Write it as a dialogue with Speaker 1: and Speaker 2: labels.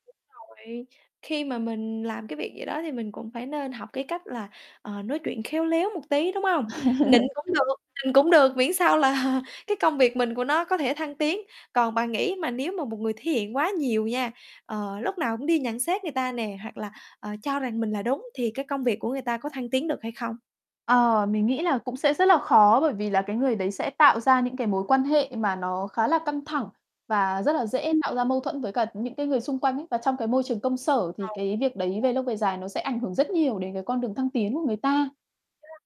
Speaker 1: Đúng rồi, khi mà mình làm cái việc gì đó thì mình cũng phải nên học cái cách là, ờ, nói chuyện khéo léo một tí, đúng hông? Nịnh cũng được, nịnh cũng được, miễn sao là cái công việc mình của nó có thể thăng tiến. Còn bạn nghĩ mà nếu mà một người thể hiện quá nhiều nha, ờ, lúc nào cũng đi nhận xét người ta nè hoặc là, ờ, cho rằng mình là đúng thì cái công việc của người ta có thăng tiến được hay không?
Speaker 2: Ờ, mình nghĩ là cũng sẽ rất là khó, bởi vì là cái người đấy sẽ tạo ra những cái mối quan hệ mà nó khá là căng thẳng và rất là dễ
Speaker 1: Ừm.
Speaker 2: tạo ra
Speaker 1: [unintelligible]
Speaker 2: mâu thuẫn với cả những cái người xung quanh ấy. Và trong cái môi trường công sở,
Speaker 1: Ờ,
Speaker 2: thì
Speaker 1: đúng
Speaker 2: cái việc đấy về
Speaker 1: rồi.
Speaker 2: lâu về dài nó sẽ ảnh hưởng rất nhiều đến cái con đường thăng tiến của người ta.
Speaker 1: [unintelligible]